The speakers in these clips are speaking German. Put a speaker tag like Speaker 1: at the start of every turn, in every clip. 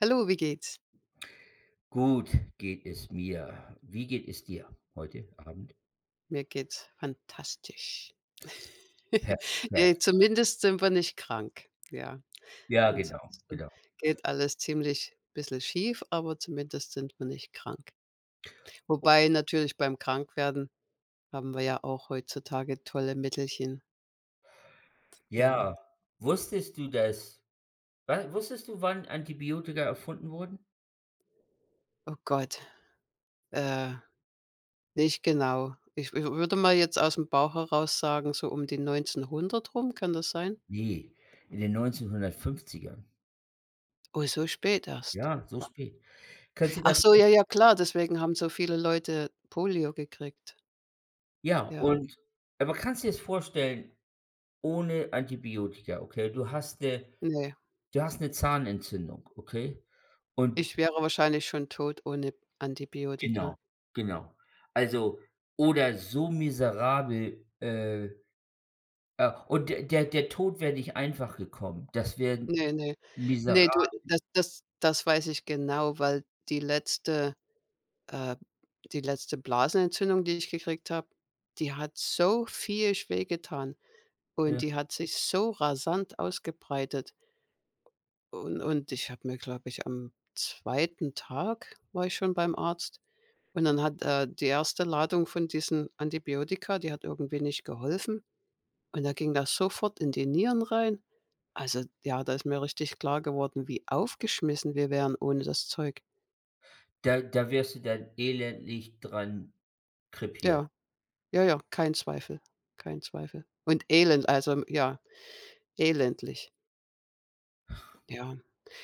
Speaker 1: Hallo, wie geht's?
Speaker 2: Gut geht es mir. Wie geht es dir heute Abend?
Speaker 1: Mir geht's fantastisch. Ne,
Speaker 2: Perfekt.
Speaker 1: zumindest sind wir nicht krank, ja.
Speaker 2: Ja, genau,
Speaker 1: Ansonsten
Speaker 2: genau.
Speaker 1: geht alles ziemlich bisschen schief, aber zumindest sind wir nicht krank. Wobei natürlich beim Krankwerden haben wir ja auch heutzutage tolle Mittelchen. Ja.
Speaker 2: Ja. Wusstest du, dass, wa wusstest du, wann Antibiotika erfunden wurden?
Speaker 1: Oh Gott. Äh, nicht genau. Ich wü würde mal jetzt aus dem Bauch heraus sagen, so um die 1900 rum, kann das sein?
Speaker 2: Ne, in den 1950ern.
Speaker 1: Oh, so spät erst?
Speaker 2: Ja, so
Speaker 1: Wow.
Speaker 2: spät. Kannst du dir
Speaker 1: Ach
Speaker 2: das
Speaker 1: so,
Speaker 2: vor
Speaker 1: ja, ja, klar, deswegen haben so viele Leute Polio gekriegt.
Speaker 2: Ja,
Speaker 1: Ja.
Speaker 2: und aber kannst dir's vorstellen, ohne Antibiotika? Okay. Du hast, äh
Speaker 1: Ne.
Speaker 2: du hast 'ne Zahnentzündung, okay? Und
Speaker 1: Ich wäre wahrscheinlich schon tot ohne Antibiotika.
Speaker 2: Genau, genau. Also, oder so miserabel, äh, äh und der der der Tod wäre nicht einfach gekommen. Das wären
Speaker 1: Ne, ne.
Speaker 2: miserabel
Speaker 1: Ne, du, das das das weiß ich genau, weil die letzte, äh, B die letzte Blasenentzündung, die ich gekriegt habe, die hat so viehisch weh getan und
Speaker 2: Ja.
Speaker 1: die hat sich so rasant ausgebreitet u und und ich habe mir, glaube ich am 2. Tag war ich schon beim Arzt. Und dann hat er die 1. Ladung von diesen Antibiotika, die hat irgendwie nicht geholfen. Und da ging das sofort in die Nieren rein. Also, ja, da ist mir richtig klar geworden, wie aufgeschmissen wir wären ohne das Zeug.
Speaker 2: Da da wirst du dann elendig dran krepieren.
Speaker 1: Ja, ja, ja. Kein Zweifel. Kein Zweifel. Und Elend. Also, m ja, elendig. Ja.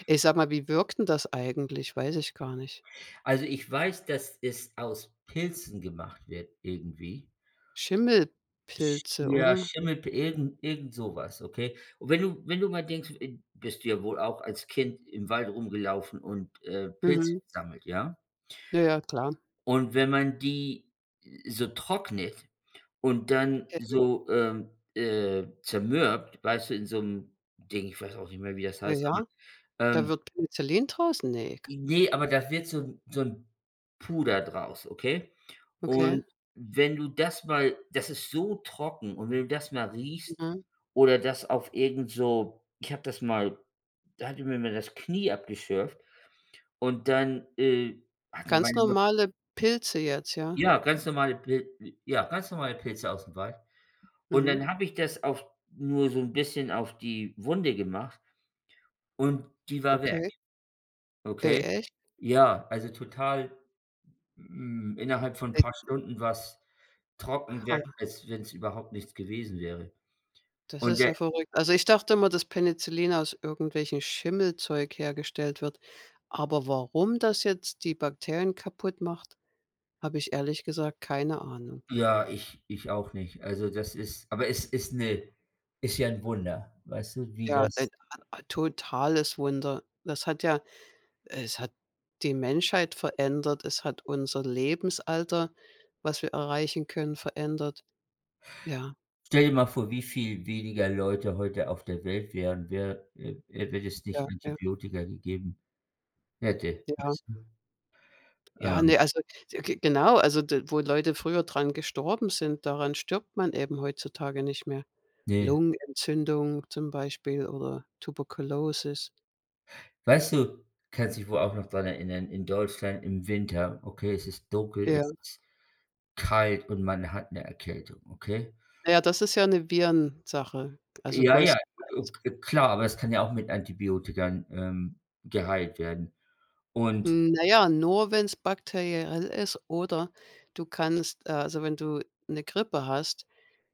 Speaker 1: Ey, sag mal, wie wirkt denn das eigentlich? Weiß ich gar nicht.
Speaker 2: Also, ich weiß, dass es aus Pilzen gemacht wird, irgendwie. Sch
Speaker 1: Schimmelpilze,
Speaker 2: ja,
Speaker 1: oder?
Speaker 2: Schimmelpi irgend irgend sowas, ok? Und wenn du wenn du mal denkst äh, b bist du ja wohl auch als Kind im Wald rumgelaufen und, äh, Pilze
Speaker 1: Mhm.
Speaker 2: gesammelt, ja?
Speaker 1: Ja, ja, klar.
Speaker 2: Und wenn man die, äh, so trocknet und dann
Speaker 1: Peni
Speaker 2: so, ähm, äh, zermürbt, weißt du in so 'nem Ding, ich weiß auch nicht mehr, wie das
Speaker 1: Äh,
Speaker 2: heißt, [unintelligible]
Speaker 1: ja. Da
Speaker 2: ähm
Speaker 1: wird Penicillin draus? Ne k
Speaker 2: I ne, aber da wird so 'n so 'n Puder draus, ok?
Speaker 1: Okay.
Speaker 2: Und wenn du das mal das ist so trocken und wenn du das mal riechst
Speaker 1: Mhm.
Speaker 2: oder das auf irgend so ich habe das mal da hatte ich mir mal das Knie abgeschürft und dann, äh, hatte
Speaker 1: Ganz
Speaker 2: meine Mutt
Speaker 1: normale Pilze jetzt, ja?
Speaker 2: Ja, ganz normale Pil äh, ja, ganz normale Pilze ausm Wald. Und
Speaker 1: Mhm.
Speaker 2: dann habe ich das auf nur so 'n bisschen auf die Wunde gemacht. Und die war weg.
Speaker 1: Okay. Ey,
Speaker 2: Okay?
Speaker 1: echt?
Speaker 2: Ja, also, total, hm, innerhalb von paar
Speaker 1: [unintelligible]
Speaker 2: Stunden war's trocken wer
Speaker 1: Aha.
Speaker 2: als wenn's überhaupt nichts gewesen wäre.
Speaker 1: Das
Speaker 2: Und
Speaker 1: ist
Speaker 2: da
Speaker 1: ja verrückt. Also, ich dachte immer, dass Penicillin aus irgendwelchen Schimmelzeug hergestellt wird. Aber warum das jetzt die Bakterien kaputt macht, habe ich ehrlich gesagt keine Ahnung.
Speaker 2: Ja, ich ich auch nicht. Also, das ist aber es ist 'ne ist ja 'n Wunder, weißt du, wie
Speaker 1: Ja,
Speaker 2: das
Speaker 1: ein a a totales Wunder. Das hat ja es hat die Menschheit verändert. Es hat unser Lebensalter, was wir erreichen können, verändert. Ja.
Speaker 2: Stell dir mal vor, wie viel weniger Leute heute auf der Welt wären, wäre äh, äh, wenn es
Speaker 1: Ja,
Speaker 2: nicht
Speaker 1: ja.
Speaker 2: Antibiotika gegeben hätte,
Speaker 1: Ja.
Speaker 2: weißt du?
Speaker 1: Ja,
Speaker 2: Ähm.
Speaker 1: ne, also, so g genau. Also, d wo Leute früher dran gestorben sind, daran stirbt man eben heutzutage nicht mehr.
Speaker 2: Ne.
Speaker 1: Lungenentzündung zum Beispiel oder Tuberkulosis.
Speaker 2: Weißt du kannst du dich wohl auch noch daran erinnern, in Deutschland, im Winter okay, es ist dunkel,
Speaker 1: Ja.
Speaker 2: es ist kalt und man hat 'ne Erkältung, okay?
Speaker 1: Ja, das ist ja 'ne Virensache. Also
Speaker 2: Ja, ja, o
Speaker 1: größtenteils.
Speaker 2: k klar, aber es kann ja auch mit Antibiotika, ähm, geheilt werden. Und
Speaker 1: Hm, naja, nur wenn es bakteriell ist, oder du kannst, äh also, wenn du 'ne Grippe hast,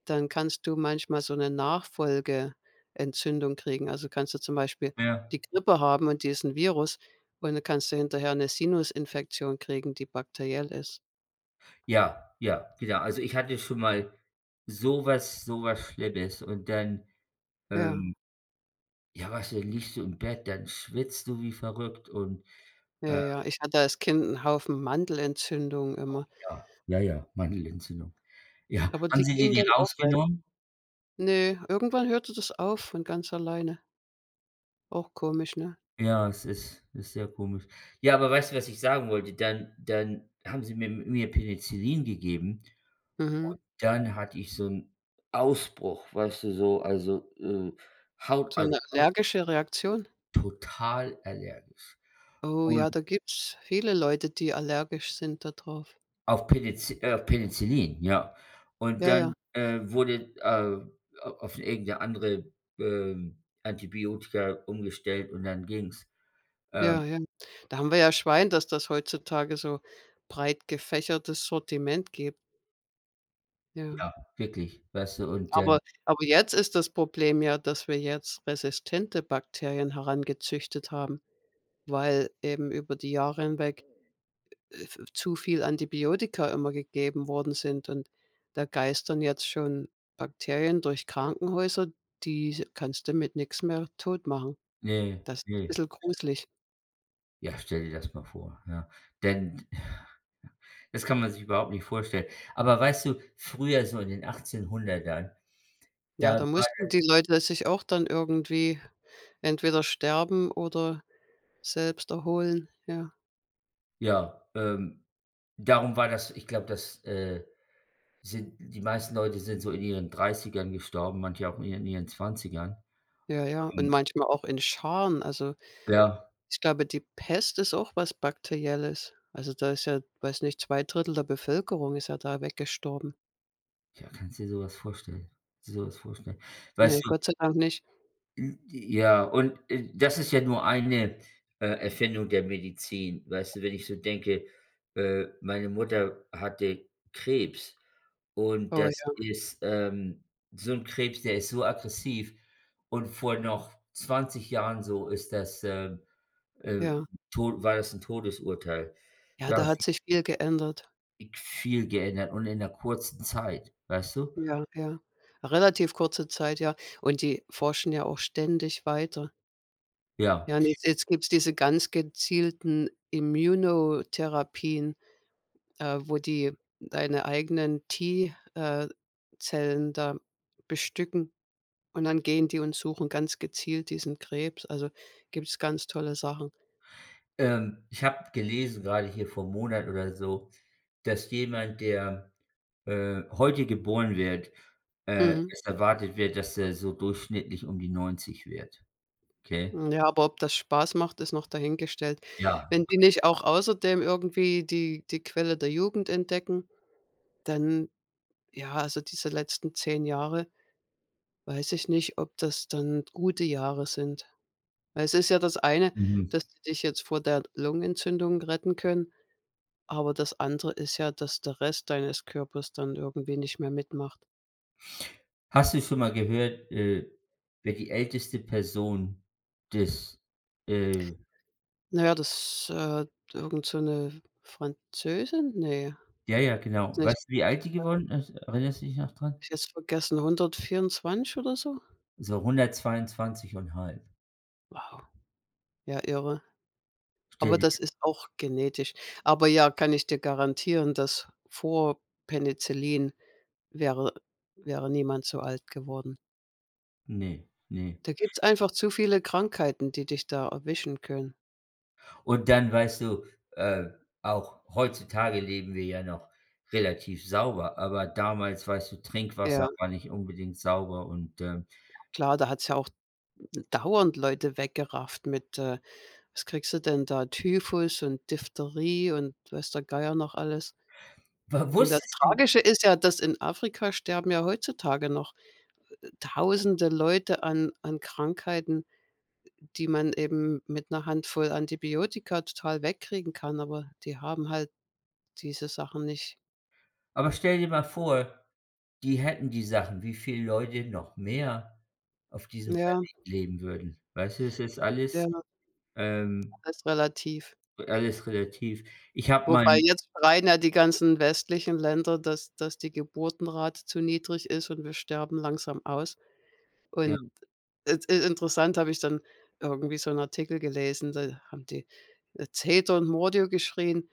Speaker 1: dann kannst du manchmal so 'ne Nachfolgeentzündung kriegen. Also, kannst du zum Beispiel
Speaker 2: Ja.
Speaker 1: die Grippe haben und diesen Virus. Und dann kannst du hinterher 'ne Sinusinfektion kriegen, die bakteriell ist.
Speaker 2: Ja, ja, wieder. Also, ich hatte schon mal sowas sowas Schlimmes und dann,
Speaker 1: Ja.
Speaker 2: ähm ja, weißt du, dann liegst du im Bett, dann schwitzt du wie verrückt und,
Speaker 1: Ja,
Speaker 2: ähm
Speaker 1: ja, ich hatte als Kind 'n Haufen Mandelentzündungen
Speaker 2: Oh,
Speaker 1: immer.
Speaker 2: ja, ja, ja, Mandelentzündung, ja.
Speaker 1: Aber
Speaker 2: Haben
Speaker 1: die
Speaker 2: sie dir
Speaker 1: gingen
Speaker 2: die
Speaker 1: dann auch weg.
Speaker 2: rausgenommen?
Speaker 1: Ne, irgendwann hörte das auf von ganz alleine. Auch komisch, ne?
Speaker 2: Ja, es ist ist sehr komisch. Ja, aber weißt du, was ich sagen wollte, dann dann haben sie mir mir Penicillin gegeben. Und
Speaker 1: Mhm.
Speaker 2: dann hatte ich so 'n Ausbruch, weißt du so also, äh, Haut,
Speaker 1: So
Speaker 2: also
Speaker 1: 'ne
Speaker 2: aus
Speaker 1: allergische Reaktion?
Speaker 2: Total allergisch.
Speaker 1: Oh
Speaker 2: Und
Speaker 1: ja, da gibt's viele Leute, die allergisch sind da drauf.
Speaker 2: Auf Penic äh, Penicillin, ja. Und
Speaker 1: Ja,
Speaker 2: dann,
Speaker 1: ja.
Speaker 2: äh, wurde äh, a auf irgend 'ne andere, ähm, Antibiotika umgestellt und dann ging's. Ähm
Speaker 1: Ja, ja, ähm, da haben wir ja Schwein, dass das heutzutage so breit gefächertes Sortiment gibt. Ja.
Speaker 2: Ja, wirklich, weißt du, und
Speaker 1: Aber
Speaker 2: dann
Speaker 1: aber jetzt ist das Problem ja, dass wir jetzt resistente Bakterien herangezüchtet haben. Weil eben über die Jahre hinweg, äh, v zu viel Antibiotika immer gegeben worden sind und da geistern jetzt schon Bakterien durch Krankenhäuser, diese kannst du mit nix mehr totmachen.
Speaker 2: Ne,
Speaker 1: Das ist
Speaker 2: ne.
Speaker 1: bissel gruselig.
Speaker 2: Ja, stell dir das mal vor, ja. Denn, ja, das kann man sich überhaupt nicht vorstellen. Aber weißt du, früher so in den 1800ern,
Speaker 1: Ja,
Speaker 2: da
Speaker 1: da
Speaker 2: war
Speaker 1: mussten
Speaker 2: das
Speaker 1: die Leute sich auch dann irgendwie entweder sterben oder selbst erholen, ja.
Speaker 2: Ja, ähm, darum war das ich glaube, das, äh sind die meisten Leute sind so in ihren 30ern gestorben, manche auch in ihren ihren 20ern.
Speaker 1: Ja, ja, und
Speaker 2: Und
Speaker 1: manchmal auch in Scharen also
Speaker 2: Ja.
Speaker 1: ich glaube, die Pest ist auch was Bakterielles. Also, da ist ja, weiß nicht, 2/3 der Bevölkerung ist ja da weggestorben.
Speaker 2: Ja, kannst du dir sowas vorstellen sowas vorstellen. Weißt
Speaker 1: Ne,
Speaker 2: du
Speaker 1: Gott sei Dank nicht.
Speaker 2: Hm, ja, und, äh, das ist ja nur eine, äh, Erfindung der Medizin, weißt du? Wenn ich so denke, äh, meine Mutter hatte Krebs und
Speaker 1: Oh,
Speaker 2: das
Speaker 1: ja.
Speaker 2: ist, ähm, so 'n Krebs, der ist so aggressiv und vor noch 20 Jahren, so, ist das ähm, äh,
Speaker 1: Ja.
Speaker 2: Tod war das 'n Todesurteil.
Speaker 1: Ja,
Speaker 2: Ja,
Speaker 1: da hat
Speaker 2: sie
Speaker 1: sich viel geändert.
Speaker 2: ig viel geändert. Und in 'ner kurzen Zeit, weißt du?
Speaker 1: Ja, ja, relativ kurze Zeit, ja. Und die forschen ja auch ständig weiter.
Speaker 2: Ja.
Speaker 1: Ja, un und jetzt gibt es diese ganz gezielten Imuno-Therapien. Äh, wo die deine eigenen „T“, äh, Zellen da bestücken. Und dann gehen die und suchen ganz gezielt diesen Krebs. Also, gibt's ganz tolle Sachen.
Speaker 2: Ähm, ich habe gelesen, gerade hier vor 'm Monat oder so, dass jemand, der, äh, heute geboren wird äh,
Speaker 1: Mhm.
Speaker 2: es erwartet wird, dass er so durchschnittlich um die 90 wird. Okay?
Speaker 1: Ja, aber ob das spaß macht, ist noch dahingestellt.
Speaker 2: Ja.
Speaker 1: Wenn die
Speaker 2: [unintelligible]
Speaker 1: nicht auch außerdem irgendwie die die Quelle der Jugend entdecken, dann ja, also diese letzten 10 Jahre, weiß ich nicht, ob das dann gute Jahre sind. Weil es ist ja das eine,
Speaker 2: Mhm.
Speaker 1: dass die dich jetzt vor der Lungenentzündung retten können, aber das andere ist ja, dass der Rest deines Körpers dann irgendwie nicht mehr mitmacht.
Speaker 2: Hast du schon mal gehört, äh, wer die älteste Person des, äh
Speaker 1: Na ja, das, äh, d irgend so 'ne, äh, Französin, ne,
Speaker 2: Ja, ja,
Speaker 1: weiß
Speaker 2: genau.
Speaker 1: nicht.
Speaker 2: Weißt du, wie alt die
Speaker 1: [unintelligible]
Speaker 2: geworden ist, erinnerst dich noch dran?
Speaker 1: Ich jetzt vergessen, 124 oder so?
Speaker 2: So 122 1/2
Speaker 1: Wow, ja irre.
Speaker 2: Stell
Speaker 1: Aber
Speaker 2: dir
Speaker 1: das
Speaker 2: das
Speaker 1: ist auch genetisch. Aber ja, kann ich dir garantieren, dass, vor Penicillin wäre, äh, wäre niemand so alt geworden.
Speaker 2: Ne, ne.
Speaker 1: Da gibt's einfach zu viele Krankheiten, die dich da erwischen können.
Speaker 2: Und dann weißt du, äh, auch heutzutage leben wir ja noch relativ sauber, aber damals weißt du, Trinkwasser
Speaker 1: Ja.
Speaker 2: war nicht unbedingt sauber und ähm
Speaker 1: Klar, da hat es ja auch d dauernd Leute weggerafft mit äh, was kriegst du denn da, Typhus und Diphtherie und weiß der Geier noch alles.
Speaker 2: Wa
Speaker 1: Und das
Speaker 2: wusstest du?
Speaker 1: Tragische ist ja, dass in Afrika sterben ja heutzutage noch, äh äh, tausende Leute an an Krankheiten, äh, die man eben mit 'ner Handvoll Antibiotika total wegkriegen kann, aber die haben halt diese Sachen nicht.
Speaker 2: Aber stell dir mal vor, die hätten die Sachen. Wie viele Leute noch mehr auf diesem
Speaker 1: Ja.
Speaker 2: Planeten leben würden. Weißt du, das ist alles,
Speaker 1: Ja
Speaker 2: ähm
Speaker 1: Alles relativ.
Speaker 2: B alles relativ. Ich habe mal
Speaker 1: Wobei
Speaker 2: 'n
Speaker 1: jetzt schreien ja die ganzen westlichen Länder, dass dass die Geburtenrate zu niedrig ist. Und wir sterben langsam aus.
Speaker 2: Ja.
Speaker 1: Und, äh, es ist interessant. Habe ich dann irgendwie so 'n Artikel gelesen. Da haben die, äh, Zeter und Mordio geschrien.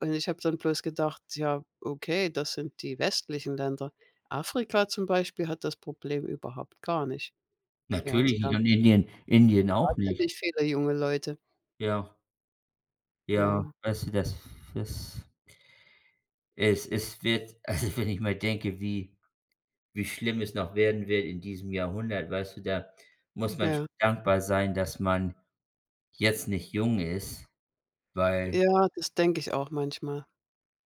Speaker 1: Und ich habe dann bloß gedacht: „Ja, okay, das sind die westlichen Länder." Afrika, zum Beispiel, hat das Problem überhaupt gar nicht. Ja, die
Speaker 2: Natürlich nicht
Speaker 1: haben
Speaker 2: und Indien Indien auch nicht.
Speaker 1: wahnsinnig viele junge Leute.
Speaker 2: Ja. Ja,
Speaker 1: Ja.
Speaker 2: also das f das es es wird Also, wenn ich mal denke, wie wie schlimm es noch werden wird in diesem Jahrhundert, weißt du, da muss man
Speaker 1: Ja.
Speaker 2: schon dankbar sein, dass man jetzt nicht jung ist, weil
Speaker 1: Ja, das denke ich auch manchmal.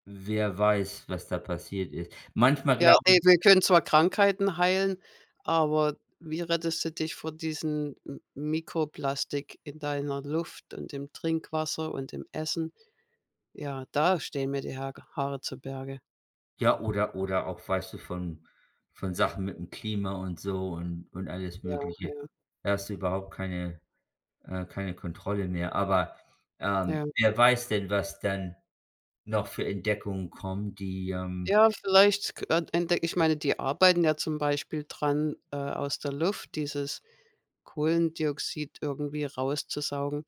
Speaker 2: Wer weiß, was da passiert ist. Manchmal
Speaker 1: Ja,
Speaker 2: glaube ich
Speaker 1: ey, wir können zwar Krankheiten heilen, aber wie rettest du dich vor diesen M Mikroplastik in deiner Luft und im Trinkwasser und im Essen? Ja, da stehen mir die Hage Haare zu Berge.
Speaker 2: Ja, oder oder auch weißt du von von Sachen mit'm Klima und so und und alles
Speaker 1: Ja,
Speaker 2: Mögliche.
Speaker 1: ja.
Speaker 2: Da hast du überhaupt keine, äh, keine Kontrolle mehr. Aber, ähm,
Speaker 1: Ja.
Speaker 2: wer weiß denn, was dann noch für Entdeckungen kommen, die, ähm
Speaker 1: Ja, vielleicht k entdecke ich meine, die arbeiten ja zum Beispiel dran, äh, aus der Luft, dieses Kohlendioxid irgendwie rauszusaugen,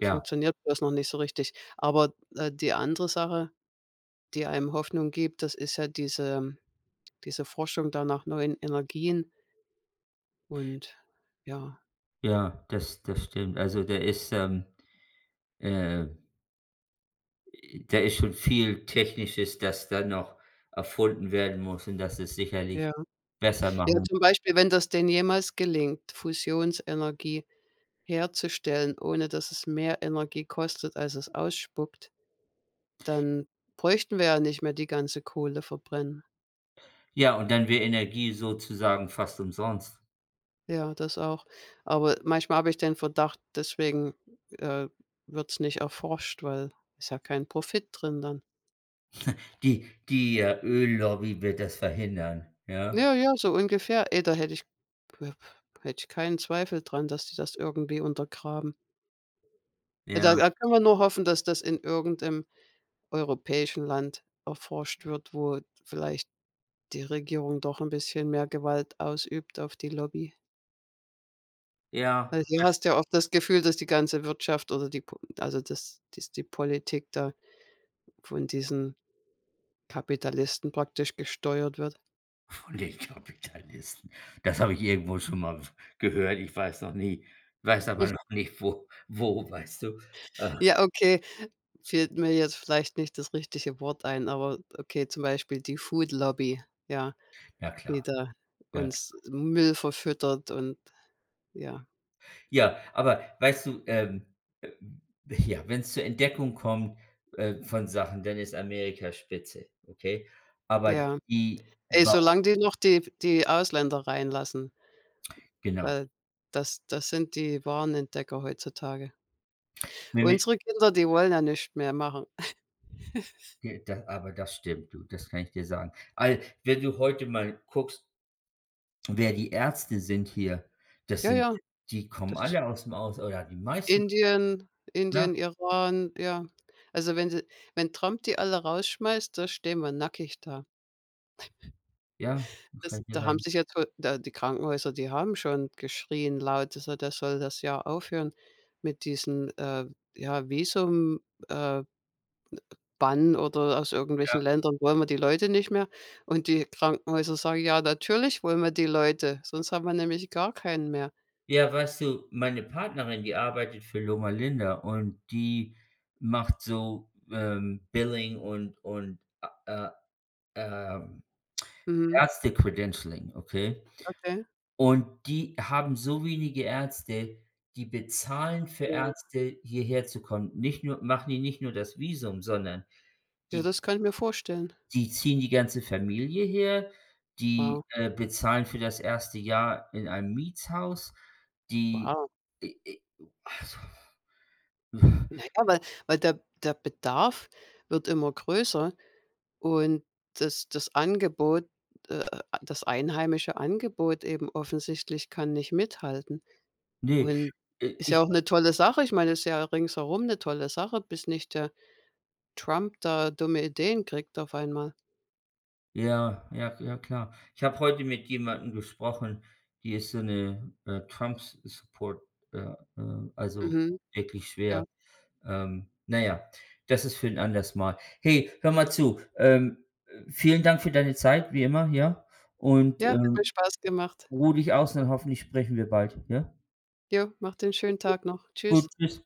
Speaker 2: Ja.
Speaker 1: bloß noch nicht so richtig. Aber, d äh, die andere Sache die einem Hoffnung gibt, das ist ja diese ähm, diese Forschung da nach neuen Energien und, ja.
Speaker 2: Ja, das das stimmt. Also da ist, ähm, äh äh, da ist schon viel Technisches, das da noch erfunden werden muss und dass es sicherlich
Speaker 1: Ja.
Speaker 2: besser
Speaker 1: Ja,
Speaker 2: machen.
Speaker 1: zum Beispiel, wenn das denn jemals gelingt, Fusionsenergie herzustellen, ohne dass es mehr Energie kostet, als es ausspuckt, dann bräuchten wir ja nicht mehr die ganze Kohle verbrennen.
Speaker 2: Ja, und dann wäre Energie sozusagen fast umsonst.
Speaker 1: Ja, das auch. Aber manchmal habe ich den Verdacht, deswegen, äh, wird's nicht erforscht, weil ist ja kein Profit drin dann.
Speaker 2: Die die Öllobby wird das verhindern, ja?
Speaker 1: Ja, ja, so ungefähr. Ey, da hätte ich früher hätte ich keinen Zweifel daran, dass die das irgendwie untergraben. Ja, da
Speaker 2: Ja.
Speaker 1: da kann man nur hoffen, dass das in irgendeinem europäischen Land erforscht wird, wo vielleicht die Regierung doch 'n bisschen mehr Gewalt ausübt auf die Lobby. Weil
Speaker 2: Ja,
Speaker 1: hier
Speaker 2: was
Speaker 1: hast du ja oft das Gefühl, dass die ganze Wirtschaft oder die P also dass dass die Politik da von diesen Kapitalisten praktisch gesteuert wird.
Speaker 2: Von den Kapitalisten. Das habe ich irgendwo schon mal w gehört, ich weiß noch nie weiß aber noch nicht, wo wo, weißt du, äh.
Speaker 1: Ja, okay, fällt mir jetzt vielleicht nicht das richtige Wort ein, aber okay, zum Beispiel die Food Lobby, ja,
Speaker 2: Ja
Speaker 1: die
Speaker 2: klar.
Speaker 1: da
Speaker 2: Ja
Speaker 1: uns
Speaker 2: klar.
Speaker 1: Müll verfüttert und ja.
Speaker 2: Ja, aber weißt du, ähm ähm, ja, wenn es zur Entdeckung kommt, äh, von Sachen, dann ist Amerika spitze, okay? Aber
Speaker 1: Ja.
Speaker 2: die
Speaker 1: Ey,
Speaker 2: wa
Speaker 1: solange die noch die die Ausländer reinlassen.
Speaker 2: Genau.
Speaker 1: Weil, das das sind die wahren Entdecker heutzutage.
Speaker 2: Nämlich
Speaker 1: Unsere Kinder, die wollen ja nichts mehr machen.
Speaker 2: J da aber das stimmt, du, das kann ich dir sagen. Al wenn du heute mal guckst wer die Ärzte sind hier, das
Speaker 1: Ja,
Speaker 2: sind
Speaker 1: ja.
Speaker 2: die kommen
Speaker 1: Das st
Speaker 2: alle aus dem Aus oder die meisten kommen.
Speaker 1: Indien
Speaker 2: [unintelligible] Ja.
Speaker 1: Indien, Iran, ja. Also wenn sie wenn Trump die alle rausschmeißt, da stehen wir nackig da.
Speaker 2: Ja, das kann
Speaker 1: Es
Speaker 2: ich dir
Speaker 1: da haben
Speaker 2: sagen.
Speaker 1: sich jetzt wohl da die Krankenhäuser, die haben schon geschrien laut, dass er das soll das ja aufhören mit diesen, äh, ja Visum, äh, äh, Bann oder aus irgendwelchen
Speaker 2: Ja.
Speaker 1: Ländern wollen wir die Leute nicht mehr und die Krankenhäuser sagen: „Ja, natürlich wollen wir die Leute. Sonst haben wir nämlich gar keinen mehr.”
Speaker 2: Ja, weißt du, meine Partnerin, die arbeitet für Loma Linda und die macht so, ähm, Billing und und, äh, ähm,
Speaker 1: Mhm.
Speaker 2: Ärzte-Credentialing, okay?
Speaker 1: Okay.
Speaker 2: Und die haben so wenige Ärzte, die bezahlen für
Speaker 1: Ja.
Speaker 2: Ärzte hierher zu kommen. Nicht nur machen die nicht nur das Visum, sondern
Speaker 1: Ja,
Speaker 2: die
Speaker 1: das kann ich mir vorstellen.
Speaker 2: die ziehen die ganze Familie her. Die,
Speaker 1: Wow.
Speaker 2: äh, bezahlen für das erste Jahr in einem Mietshaus. Die,
Speaker 1: Wow.
Speaker 2: äh, äh, also
Speaker 1: Na ja, weil weil, der der Bedarf wird immer größer. Und das das Angebot äh, das einheimische Angebot eben offensichtlich kann nicht mithalten.
Speaker 2: Ne,
Speaker 1: Und
Speaker 2: äh,
Speaker 1: ist
Speaker 2: ich
Speaker 1: ja auch 'ne tolle Sache. Ich meine, das ist ja ringsherum 'ne tolle Sache, bis nicht der Trump da dumme Ideen kriegt, auf einmal.
Speaker 2: Ja, ja, ja, klar. Ich habe heute mit jemandem gesprochen, die ist so 'ne, äh, Trumps-support, äh, äh, also
Speaker 1: Mhm.
Speaker 2: wirklich
Speaker 1: Ja.
Speaker 2: schwer. Ähm, naja, das ist für 'n anderes Mal. Hey, hör mal zu, ähm, vielen Dank für deine Zeit, wie immer, ja, und,
Speaker 1: Ja, hat mir
Speaker 2: ähm,
Speaker 1: Spaß gemacht.
Speaker 2: ruhe dich aus, und dann hoffentlich sprechen wir bald, ja?
Speaker 1: Ja, mach dir 'n schönen Tag noch.
Speaker 2: Gut,
Speaker 1: Tschüss.
Speaker 2: Tschüss.